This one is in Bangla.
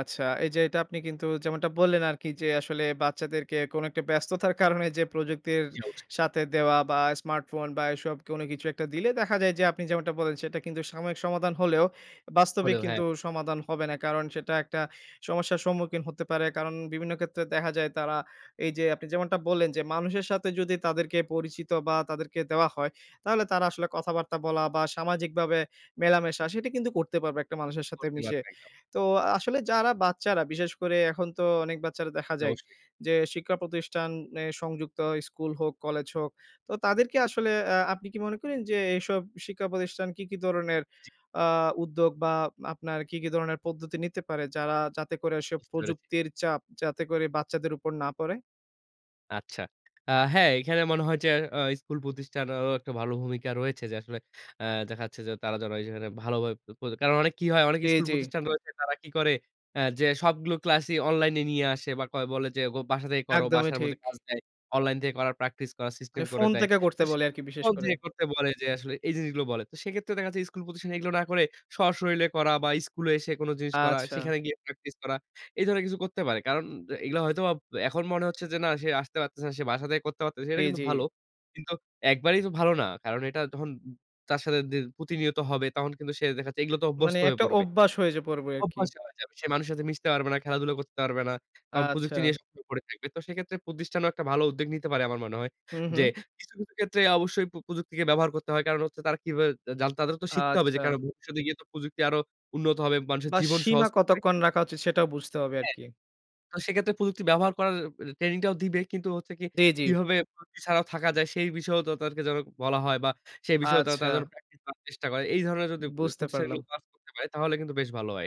আচ্ছা, এই যে, এটা আপনি কিন্তু যেমনটা বললেন আরকি যে, আসলে বাচ্চাদেরকে কোন একটা ব্যস্ততার কারণে যে, প্রযুক্তির জি, অবশ্যই। সাথে দেওয়া বা স্মার্টফোন বা এসব কোনো কিছু একটা দিলে দেখা যায় যে, আপনি যেমনটা বলেন সেটা কিন্তু সাময়িক সমাধান হলেও, বাস্তবিক হলেও, হ্যাঁ। কিন্তু সমাধান হবে না। কারণ সেটা একটা সমস্যার সম্মুখীন হতে পারে কারণ বিভিন্ন ক্ষেত্রে দেখা যায় তারা এই যে, আপনি যেমনটা বললেন যে, মানুষের সাথে যদি তাদেরকে পরিচিত বা তাদেরকে দেওয়া হয়, তাহলে তারা আসলে কথাবার্তা বলা বা সামাজিকভাবে মেলামেশা, সেটি কিন্তু করতে পারবে একটা মানুষের সাথে করতে মিশে। পারবে, একদম। তো আসলে যারা বাচ্চারা, বিশেষ করে এখন তো অনেক বাচ্চারা দেখা জি, যায় অবশ্যই। যে, শিক্ষা প্রতিষ্ঠানে সংযুক্ত স্কুল হোক, কলেজ হোক। তো তাদেরকে আসলে অ্যা আপনি কি মনে করেন যে, এইসব শিক্ষা প্রতিষ্ঠান কি, কি ধরনের আ উদ্যোগ বা আপনার কি, কি ধরনের পদ্ধতি নিতে পারে, যারা যাতে করে এসব বুঝতে পেরেছি। প্রযুক্তির চাপ, যাতে করে বাচ্চাদের উপর না পড়ে? আচ্ছা। আ হ্যাঁ, এখানে মনে হয় যে, অ স্কুল প্রতিষ্ঠানেরও একটা ভালো ভূমিকা রয়েছে যে, আসলে, অ্যা দেখাচ্ছে যে, তারা যেখানে ভালোভাবে পড় কারণ অনেক কি হয়? অনেক জি, স্কুল জি। প্রতিষ্ঠান রয়েছে, তারা কি করে? অ্যা যে, সবগুলো ক্লাসই অনলাইনে নিয়ে আসে বা কয় বলে যে, গো "বাসা থেকে করো।" একদমই বাসার মধ্যে ঠিক। কাজ দেয়। অনলাইন থেকে করার, প্র্যাকটিস করার সিস্টেম মানে করে ফোন দেয়। থেকে করতে তো সে বলে আরকি বিশেষ [unintelligible] ফোন করে। থেকে করতে বলে, যে, আসলে এই জিনিসগুলো বলে। তো সেক্ষেত্রে দেখাচ্ছে স্কুল, পজিশন এগুলো না করে, সশরীলে করা বা স্কুলে এসে কোন জিনিস করা, আচ্ছা। সেখানে গিয়ে প্র্যাকটিস করা। এ ধরনের কিছু করতে পারে। কারণ এগুলো হয়তোবা এখন মনে হচ্ছে যে, "না, সে আসতে পারতেছে না। সে বাসা থেকে করতে পারতেছে।" সেটা জি, কিন্তু জি। ভালো। কিন্তু একবারেই তো ভালো না। কারণ এটা যখন তার সাথে দি প্রতিনিয়ত হবে, তখন কিন্তু সে দেখাচ্ছে এগুলো তে মানে অভ্যস্ত হয়ে একটা পড়বে অভ্যাস হয়ে যায় পুরোপুরি আরকি। অভ্যাস হয়ে যাবে। সে মানুষের সাথে মিশতে পারবে না, খেলাধুলা করতে পারবে না। তখন প্রযুক্তি আচ্ছা। নিয়ে সবসময় পড়ে থাকবে। তো সেক্ষেত্রে প্রতিষ্ঠানও একটা ভালো উদ্যোগ নিতে পারে আমার মনে হয়। হুম, যে, হুম। কিছু, কিছু ক্ষেত্রে অবশ্যই পো প্রযুক্তিকে ব্যবহার করতে হয়। কারণ হচ্ছে তারা কিভাবে জা জানতে, তাদেরও তো শিখতে হবে যে, কেন আচ্ছা। ভবিষ্যতে গিয়ে তো প্রযুক্তি আরো উন্নত হবে, মানুষের বা জীবন সীমা সহজ করবে কতক্ষণ রাখা উচিত? সেটাও বুঝতে হবে হ্যাঁ। আরকি। তো সেক্ষেত্রে প্রযুক্তি ব্যবহার করার অ ট্রেনিং টাও দিবে। কিন্তু হচ্ছে কি জি, জি। কিভাবে প্রযুক্তি ছাড়াও থাকা যায়? সেই বিষয়েও তাদেরকে যেন বলা হয় বা সেই বিষয়েও তা তারা যেন আচ্ছা। প্র্যাকটিস করার চেষ্টা করে। এই ধরনের যদি প বুঝতে প্রতিষ্ঠাগুলো পারলাম। কাজ করতে পারে, তাহলে কিন্তু বেশ ভালো হয়।